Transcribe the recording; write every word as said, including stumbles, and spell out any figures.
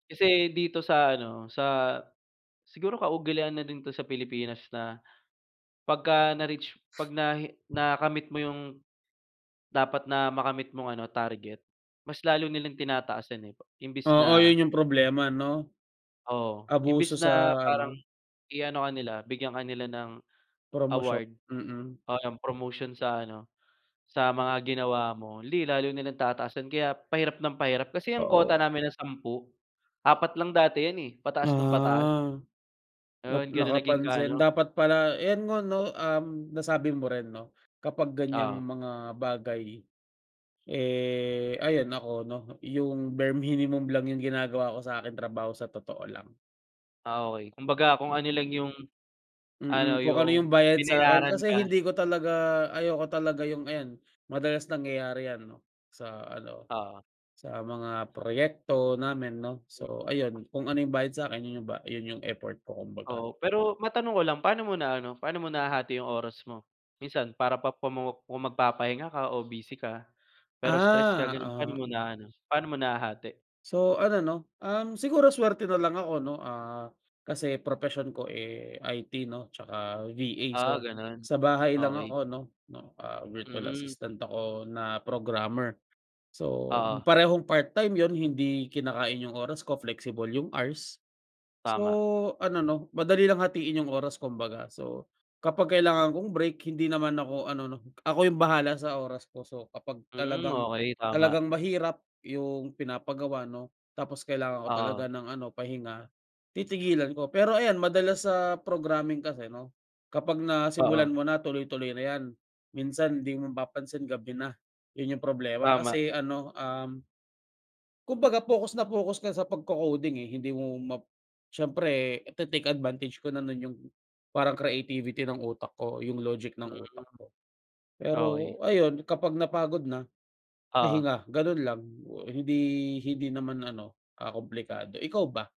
Kasi dito sa ano, sa siguro kaugalian na din 'to sa Pilipinas na, pagka na-reach ‘pag nahi nakamit mo yung dapat na makamit mong ano, target, mas lalo nilang tinataasan eh, imbis Oo, na yun yung problema ‘no. Oo, Abuso imbis na sa parang ano. i-ano ka nila, bigyan ka nila ng Promosyo award mm. o yung promotion sa ano, sa mga ginawa mo, ‘di lalo nilang tataasan kaya pahirap nang pahirap kasi ang kota Oo. namin na sampu, apat lang dati ‘yan eh, pataas nang pataas. Ah, na Yun, ganun naging ka nakapansin. ano. Dapat pala ayan nga ‘no, um, nasabi mo rin 'no, kapag ganiyang Oo. mga bagay, eh, ayan nako ‘no, yung bare minimum lang yung ginagawa ko sa aking trabaho sa totoo lang. Ah, okey. Kumbaga kung ano lang Mm. yung ano, Mm, kung ano yung yung bayad sa’kin binayaran kasi ka. hindi ko talaga ayoko talaga yung ayan, madalas nangyayari ‘yan sa ano, Oo. sa mga proyekto namin 'no. Hmm. So ayun, kung ano yung bayad sa'kin, yun yung ba yun yung effort ko kumbaga. Oo, pero matanong ko lang, paano mo na ano, paano mo nahahati 'yong oras mo? Minsan para pa kung magpapahinga ka o busy ka pero stress ka Ah, gano'n, paano mo oo. na ano, paano mo nahahati? So ano 'no, um, siguro swerte na lang ako 'no, ah, kasi propesyon ko, eh, I-T 'no tsaka V-A, Ah, so gano’n. sa bahay lang Okey. ako 'no, 'no, ah, virtual Mhm. assistant ako na programmer. So Oo. parehong part time ‘yon, hindi kinakain yung oras ko, flexible yung hours. Tama. So ano 'no, madali lang hatiin yung oras kumbaga, so kapag kailangan kong break hindi naman ako ano ‘no, ako yung bahala sa oras ko. So kapag Hmm, talagang, okey tama. talagang mahirap yung pinapagawa 'no, tapos kailangan ko Oo. talaga ng ano, pahinga, titigilan ko. Pero ayan madalas sa programming kasi 'no, kapag nasimulan Oo. mo na tuloy-tuloy na ‘yan. Minsan ‘di mo mapapansin gabi na, yun yung problema Tama. kasi ano, um kumbaga focus na focus ka sa pagko-coding eh. Hindi mo map siyempre ite-take advantage ko na no’n yung parang creativity ng utak ko, yung logic ng utak Mhm. ko. Okey. Pero ayun kapag napagod na, Oo. pahinga. Ganun lang, hindi hindi naman ano, ah, kumplikado. Ikaw ba?